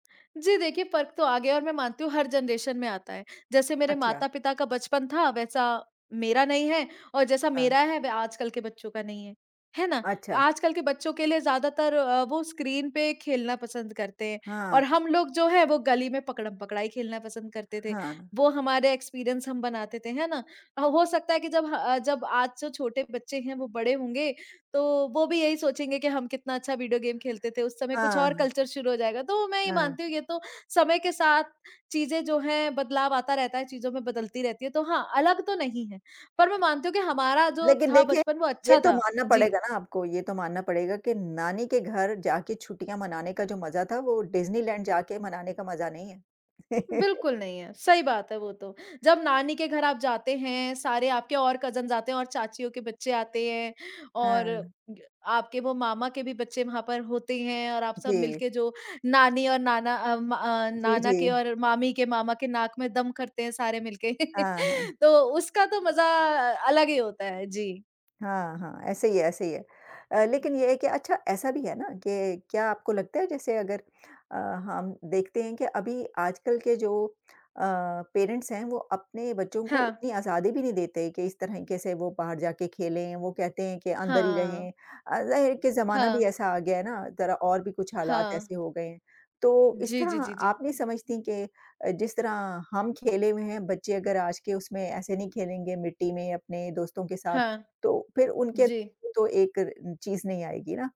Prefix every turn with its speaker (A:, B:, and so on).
A: जी देखिए फ़र्क तो आ गया है और मैं मानती हूँ, हर जनरेशन में आता है। जैसे मेरे
B: अच्छा।
A: माता-पिता का बचपन था वैसा मेरा नहीं है और जैसा
B: हाँ।
A: मेरा है वह आजकल के बच्चों का नहीं है। है ना?
B: अच्छा।
A: आजकल के बच्चों के लिए ज़्यादातर अ, वो स्क्रीन पे खेलना पसंद करते हैं।
B: हाँ।
A: और हम लोग जो हैं वो गली में पकड़म-पकड़ाई खेलना पसंद करते थे।
B: हाँ।
A: वो हमारे एक्सपीरियंस हम बनाते थे, है ना। ह हो सकता है कि जब ह जब आज जो छोटे बच्चे हैं वो बड़े होंगे तो वो भी यही सोचेंगे कि हम कितना अच्छा वीडियो गेम खेलते थे। उस समय कुछ और
B: हाँ।
A: कल्चर शुरू हो जाएगा। तो मैं ये
B: हाँ।
A: मानती हूँ ये तो समय के साथ चीज़ें जो हैं बदलाव आता रहता है, चीज़ों में बदलती रहती है। तो हाँ, अलग तो नहीं है। पर मैं मानती हूँ कि हमारा जो
B: लेकिन
A: था
B: देखिए,
A: बचपन वो
B: ये
A: अच्छा
B: तो
A: था।
B: मानना
A: जी।
B: पड़ेगा ना आपको, ये तो मानना पड़ेगा कि नानी के घर जाके छुट्टियाँ मनाने का जो मज़ा था, वो डिज्नीलैंड जाके मनाने का मज़ा नहीं है।
A: बिल्कुल, नहीं है। सही बात है वो तो। जब नानी के घर आप जाते हैं, सारे आपके और कज़िन्स आते हैं और चाचियों के बच्चे आते हैं और
B: हाँ।
A: ग आपके वो मामा के भी बच्चे वहाँ पर होते ही हैं। और आप सब
B: जी।
A: मिलके जो नानी और नाना अम, अ,
B: जी,
A: नाना के
B: जी।
A: और मामी के मामा के नाक में दम करते हैं सारे मिलके
B: हाँ, हाँ।
A: तो उसका तो मज़ा अलग ही होता है। जी।
B: हाँ, हाँ। ऐसे ही है, ऐसे ही है। अ, लेकिन ये है कि अच्छा ऐसा भी है ना कि क्या आपको लगता है जैसे अगर अ, हम देखते हैं कि अभी आजकल के जो अ, पेरेंट्स हैं, वो अपने बच्चों को
A: हाँ।
B: उतनी आज़ादी भी नहीं देते कि इस तरीक़े से वो बाहर जाके खेलें? वो कहते हैं कि अंदर ही
A: हाँ।
B: रहें। अ, के ज़माना भी
A: हाँ।
B: ऐसा आ गया है ना, ज़रा और भी कुछ हालात
A: हाँ।
B: ऐसे हो गए हैं। तो इस
A: जी, जी,
B: तरह
A: जी, जी।
B: आप नहीं समझती के जिस तरह हम खेले हुए हैं बच्चे अगर आज के उसमें ऐसे नहीं खेलेंगे मिट्टी में, अपने दोस्तों के साथ
A: हाँ।
B: तो फिर उनके
A: जी।
B: तो एक रे चीज़ नहीं आएगी ना?